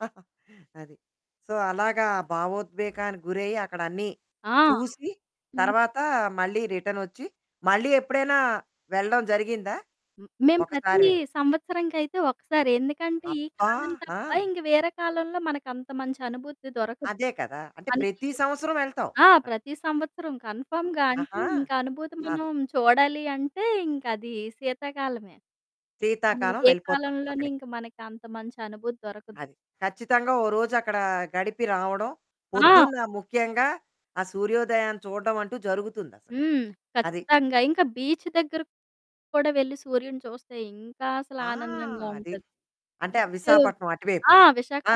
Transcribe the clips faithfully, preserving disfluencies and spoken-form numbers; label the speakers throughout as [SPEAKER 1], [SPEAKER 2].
[SPEAKER 1] అది. సో, అలాగా ఆ భావోద్వేగానికి గురయ్యి, అక్కడన్నీ
[SPEAKER 2] ఆ!
[SPEAKER 1] చూసి,
[SPEAKER 2] హ్మ్.
[SPEAKER 1] తర్వాతా మళ్ళీ రిటర్నొచ్చి. మళ్ళీ ఎప్పుడైనా వెళ్ళడం జరిగిందా?
[SPEAKER 2] హ్మ్. మేము ప్రతీ
[SPEAKER 1] ఒకసారి వెళ్
[SPEAKER 2] సంవత్సరానికైతే ఒకసారే. ఎందుకంటే, ఈ
[SPEAKER 1] అబ్బా!
[SPEAKER 2] కాలం తప్ప
[SPEAKER 1] ఆ!
[SPEAKER 2] ఇంక వేరే కాలంలో మనకంత మంచి అనుభూతి దొరకదు.
[SPEAKER 1] అదే కదా! అంటే
[SPEAKER 2] మనకీ
[SPEAKER 1] ప్రతీ సంవత్సరం వెళ్తావు.
[SPEAKER 2] ఆ! ప్రతి సంవత్సరం కన్ఫర్మ్‌గా. అంటే,
[SPEAKER 1] ఆహా!
[SPEAKER 2] ఇంక అనుభూతి
[SPEAKER 1] అది.
[SPEAKER 2] మనం చూడాలి అంటే ఇంకదీ సీతాకాలమే. అవును,
[SPEAKER 1] సీతాకాలం
[SPEAKER 2] ఏ
[SPEAKER 1] వెళ్ళిపోతావు
[SPEAKER 2] కాలంలోని
[SPEAKER 1] అక్కడికి.
[SPEAKER 2] ఇంక మనకి అంత మంచి అనుభూతి దొరకదు.
[SPEAKER 1] అది. ఖచ్చితంగా ఓ రోజక్కడా గడిపి రావడం,
[SPEAKER 2] ఆ!
[SPEAKER 1] పొద్దున్న ముఖ్యంగా ఆ సూర్యోదయాన్ని చూడడమంటూ జరుగుతుందసలు.
[SPEAKER 2] హ్మ్.
[SPEAKER 1] అది.
[SPEAKER 2] ఖచ్చితంగా. ఇంక బీచ్ దగ్గరకు కూడా వెళ్ళి సూర్యుడిని చూస్తే, ఇంకా అసలు
[SPEAKER 1] ఆ!
[SPEAKER 2] ఆనందంగా
[SPEAKER 1] అది.
[SPEAKER 2] ఉంటది.
[SPEAKER 1] అంటే ఆ
[SPEAKER 2] బీచ్చూ
[SPEAKER 1] విశాఖపట్నం అటువైపు.
[SPEAKER 2] ఆ!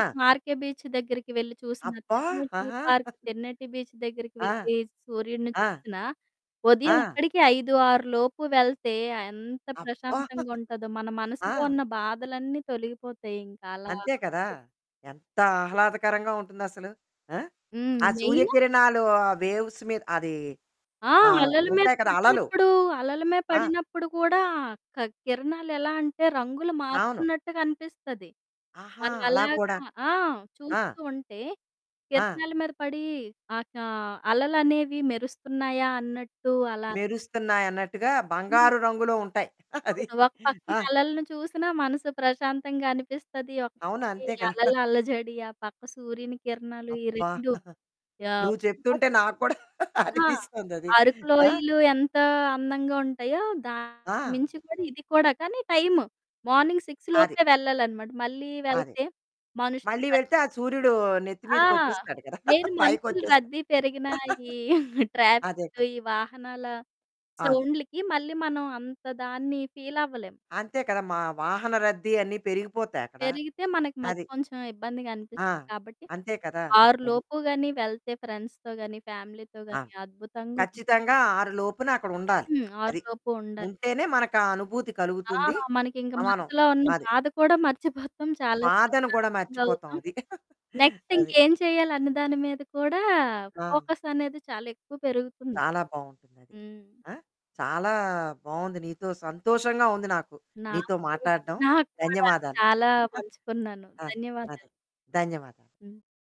[SPEAKER 1] ఆ!
[SPEAKER 2] ఆర్‌కే బీచ్ దగ్గరికి వెళ్లి చూసినా,
[SPEAKER 1] అబ్బా!
[SPEAKER 2] తెర్నేటీ
[SPEAKER 1] ఆహా!
[SPEAKER 2] పార్క్, తెన్నేటి బీచ్ దగ్గరికి
[SPEAKER 1] ఆ!
[SPEAKER 2] వెళ్ళి సూర్యుడిని
[SPEAKER 1] ఆ!
[SPEAKER 2] చూసినా, ఉదయం
[SPEAKER 1] ఆ!
[SPEAKER 2] అక్కడికి ఐదు ఆరు లోపు వెళ్తే ఎంత
[SPEAKER 1] అబ్బా!
[SPEAKER 2] ప్రశాంతంగుంటదో. మన
[SPEAKER 1] ఆ!
[SPEAKER 2] మనసులో ఉన్న బాధలన్నీ తొలగిపోతాయింక అలా.
[SPEAKER 1] అంతే కదా! ఎంత ఆహ్లాదకరంగా ఉంటుందసలు. ఆ!
[SPEAKER 2] హ్మ్.
[SPEAKER 1] ఆ
[SPEAKER 2] మెయిన్
[SPEAKER 1] సూర్యకిరణాలు ఆహ్, వేవ్స్ మీద్ అదీ
[SPEAKER 2] ఆ!
[SPEAKER 1] ఆహ్,
[SPEAKER 2] అలల మీద
[SPEAKER 1] ఉంటాయి కదా! అలలు.
[SPEAKER 2] పడినప్పుడూ, అలల మీ
[SPEAKER 1] ఆ!
[SPEAKER 2] పడినప్పుడు కూడా క్ కిరణాలెలా అంటే, రంగులు
[SPEAKER 1] అవును.
[SPEAKER 2] మారుతున్నట్టుగనిపిస్తది.
[SPEAKER 1] ఆహా! అలా
[SPEAKER 2] మనమెలాగ
[SPEAKER 1] కూడా
[SPEAKER 2] ఆ!
[SPEAKER 1] ఆ!
[SPEAKER 2] చూస్తూ ఉంటే
[SPEAKER 1] ఆ!
[SPEAKER 2] కిరణాల మీద పడీ ఆహ్, కా అలలనేవి మెరుస్తున్నాయా అన్నట్టు అలా అనిపిస్తుంది.
[SPEAKER 1] మెరుస్తున్నాయన్నట్టుగా
[SPEAKER 2] హ్మ్.
[SPEAKER 1] బంగారు రంగులో ఉంటాయి. అది.
[SPEAKER 2] అవును. ఒక పక్కీ
[SPEAKER 1] ఆ!
[SPEAKER 2] అలలను చూసినా మనసు ప్రశాంతంగా అనిపిస్తది, ఒక
[SPEAKER 1] అవును.
[SPEAKER 2] పక్కీ
[SPEAKER 1] అంతే
[SPEAKER 2] ఈ
[SPEAKER 1] కదా!
[SPEAKER 2] అలల అల్లజడి, ఆ పక్క సూర్యుని కిరణాలు, ఈ
[SPEAKER 1] అబ్బా!
[SPEAKER 2] రెండు యావ్
[SPEAKER 1] నువ్వు
[SPEAKER 2] ఇంకోక
[SPEAKER 1] చెప్తుంటే, నాకు కూడా
[SPEAKER 2] ఆ!
[SPEAKER 1] అనిపిస్తోందది.
[SPEAKER 2] అరుకు
[SPEAKER 1] ఆ!
[SPEAKER 2] లోయలు ఎంతా అందంగా ఉంటాయో, దానికి
[SPEAKER 1] ఆ!
[SPEAKER 2] మించి కూడా ఇది కూడా, కానీ టైము. మార్నింగ్ సిక్స్
[SPEAKER 1] అది.
[SPEAKER 2] లోపే వెళ్ళాలనమాట. మళ్ళీ
[SPEAKER 1] అదే.
[SPEAKER 2] వెళ్తే మనుషులు
[SPEAKER 1] మళ్ళీ
[SPEAKER 2] రద్
[SPEAKER 1] వెళ్తే ఆ సూర్యుడూ నెత్తి
[SPEAKER 2] ఆ!
[SPEAKER 1] మీదకొచ్చేస్తాడు కదా!
[SPEAKER 2] నేను
[SPEAKER 1] పైకొ
[SPEAKER 2] మనుషులు
[SPEAKER 1] వచ్చేస్
[SPEAKER 2] రద్దీ పెరిగినా, ఈ
[SPEAKER 1] అదే
[SPEAKER 2] ట్రాఫిక్కు,
[SPEAKER 1] కదా!
[SPEAKER 2] ఈ వాహనాల
[SPEAKER 1] అవును.
[SPEAKER 2] సౌండ్లుకి, మళ్ళీ మనం అంత దాన్ని ఫీలవ్వలేము.
[SPEAKER 1] అంతే కదా! మా వాహన రద్దీ అన్నీ పెరిగిపోతాయక్కడ.
[SPEAKER 2] పెరిగితే మనకి మళ్ళీ
[SPEAKER 1] అది.
[SPEAKER 2] కొంచెం ఇబ్బందిగా అనిపిస్తది.
[SPEAKER 1] ఆ!
[SPEAKER 2] కాబట్టి,
[SPEAKER 1] అంతే కదా!
[SPEAKER 2] ఆరు
[SPEAKER 1] అది.
[SPEAKER 2] లోపు గానీ వెళ్తే ఫ్రెండ్స్‌తో గానీ, ఫ్యామిలీతో
[SPEAKER 1] ఆ!
[SPEAKER 2] గానీ అద్భుతంగున్
[SPEAKER 1] ఖచ్చితంగా ఆరు లోపున అక్కడ ఉండాలి.
[SPEAKER 2] హ్మ్. ఆరు
[SPEAKER 1] అది.
[SPEAKER 2] లోపు ఉండాలి.
[SPEAKER 1] ఉంటేనే మనకా అనుభూతి
[SPEAKER 2] ఆ!
[SPEAKER 1] కలుగుతుందీ,
[SPEAKER 2] మనకింక
[SPEAKER 1] సమానం
[SPEAKER 2] మనసులో ఉన్న
[SPEAKER 1] అది.
[SPEAKER 2] బాధ కూడా మర్చిపోతాం, చాలా
[SPEAKER 1] బాధను గూడా
[SPEAKER 2] ప్రశాంతంగా అవుతాం.
[SPEAKER 1] మర్చిపోతావది.
[SPEAKER 2] నెక్స్ట్
[SPEAKER 1] అది.
[SPEAKER 2] ఇంకేం చెయ్యాలన్న దాని మీద కూడా
[SPEAKER 1] ఆ!
[SPEAKER 2] ఫోకస్సనేది చాలెక్కువ పెరుగుతుంది.
[SPEAKER 1] చాలా బావుంటుందది.
[SPEAKER 2] హ్మ్.
[SPEAKER 1] ఆ! చాలా బావుంది నీతో సంతోషంగా ఉంది నాకు,
[SPEAKER 2] నాకు
[SPEAKER 1] నీతో
[SPEAKER 2] కూడ,
[SPEAKER 1] మాట్టాడం.
[SPEAKER 2] నాకు కూడా
[SPEAKER 1] ధన్యవాదాలు.
[SPEAKER 2] చాలా పంచుకున్నాను.
[SPEAKER 1] ఆ!
[SPEAKER 2] ధన్యవాదాలు.
[SPEAKER 1] అదే. ధన్యవాదాలు.
[SPEAKER 2] హ్మ్.